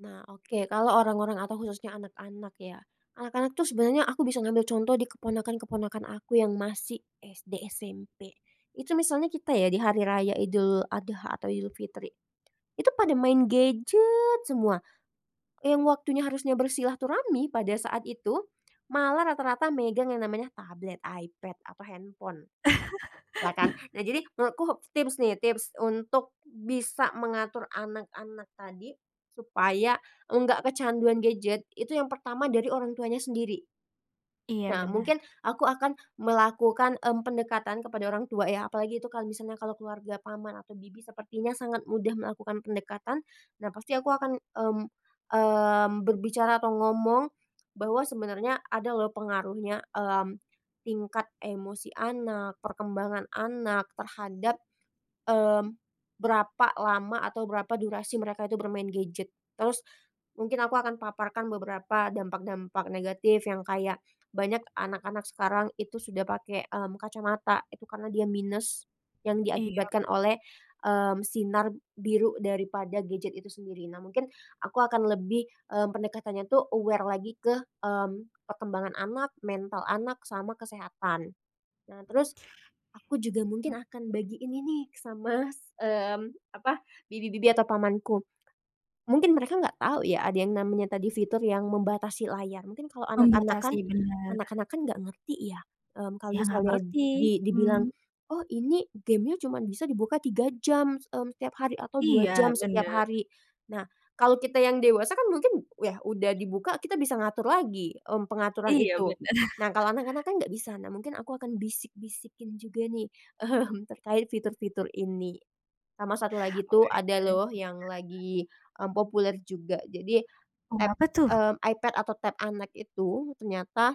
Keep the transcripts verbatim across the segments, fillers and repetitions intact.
Nah, oke. Kalau orang-orang atau khususnya anak-anak ya. Anak-anak tuh, sebenarnya aku bisa ngambil contoh di keponakan-keponakan aku yang masih SD, SMP. Itu misalnya kita ya, di hari raya Idul Adha atau Idul Fitri, itu pada main gadget semua. Yang waktunya harusnya bersilaturahmi pada saat itu, malah rata-rata megang yang namanya tablet, iPad atau handphone, lah kan. Nah, jadi menurutku, tips nih tips untuk bisa mengatur anak-anak tadi supaya enggak kecanduan gadget, itu yang pertama dari orang tuanya sendiri Iya, nah benar. mungkin aku akan melakukan, mmm, pendekatan kepada orang tua ya, apalagi itu kalau misalnya kalau keluarga paman atau bibi, sepertinya sangat mudah melakukan pendekatan. Nah, pasti aku akan, mmm mmm, berbicara atau ngomong bahwa sebenarnya ada loh pengaruhnya, mmm, tingkat emosi anak, perkembangan anak terhadap, mmm, berapa lama atau berapa durasi mereka itu bermain gadget. Terus, mungkin aku akan paparkan beberapa dampak-dampak negatif yang kayak banyak anak-anak sekarang itu sudah pakai, mmm, kacamata itu karena dia minus yang Iya. diakibatkan oleh, mmm, sinar biru daripada gadget itu sendiri. Nah mungkin, aku akan lebih, mmm, pendekatannya tuh aware lagi ke, mmm, perkembangan anak, mental anak, sama kesehatan. Nah terus, aku juga mungkin Mmm. akan bagiin ini sama s mmm, apa, bibi-bibi atau pamanku. Mungkin mereka nggak tau ya, ada yang namanya tadi fitur yang membatasi layar, mungkin kalau anak-anak kan Membatasi, benar. anak-anak kan nggak ngerti ya, mmm, kalau Ya nggak misalnya ngerti, di dibilang, hmm. "Oh ini game-nya cuman bisa dibuka tiga jam, mmm, setiap hari, atau dua jam Iya, setiap benar. hari." Nah, kalau kita yang dewasa kan mungkin yah udah dibuka kita bisa ngatur lagi, m pengaturan Iya, itu. benar. Nah kalau anak-anak kan nggak bisa, nah mungkin aku akan bisik-bisikin juga nih, mmm, terkait fitur-fitur ini. Sama satu lagi tuh ada loh yang [unintelligible] lagi, mmm, populer juga, jadi Oh, tab apa tuh? mmm, iPad atau Tab anak itu, ternyata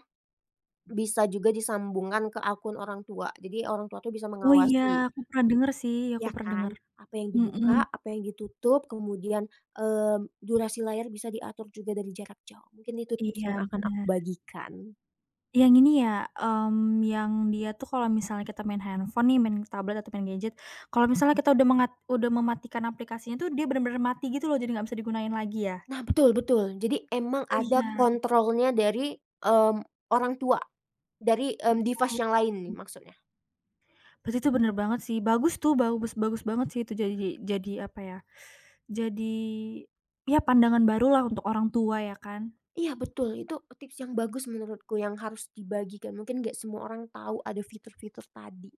bisa juga disambungkan ke akun orang tua, jadi orang tua tuh bisa Oh, iya, mengawasi. aku pernah dengar sih, aku Iya pernah kan, dengar, apa yang mhm. dibuka, apa yang ditutup, kemudian, mmm, durasi layar bisa diatur juga dari jarak jauh, mungkin itu tips yang Iya, akan aku benar. bagikan. Yang ini ya, mmm, yang dia tuh kalau misalnya kita main handphone nih, main tablet atau main gadget, kalau misalnya kita udah mengat udah mematikan aplikasinya tuh, dia benar-benar mati gitu loh, jadi nggak bisa digunain lagi ya? Nah, betul betul, jadi emang Oh, ada iya. kontrolnya dari, mmm, orang tua dari, m device Oh. yang lain nih [unintelligible] maksudnya. Berarti itu benar banget sih, bagus tuh, bagus bagus banget sih, itu jaji jadi, apa ya, jadi iya, pandangan barulah untuk orang tua ya kan. Iya, betul, itu tips yang bagus menurutku, yang harus dibagikan, mungkin gak semua orang tahu ada fitur-fitur tadi.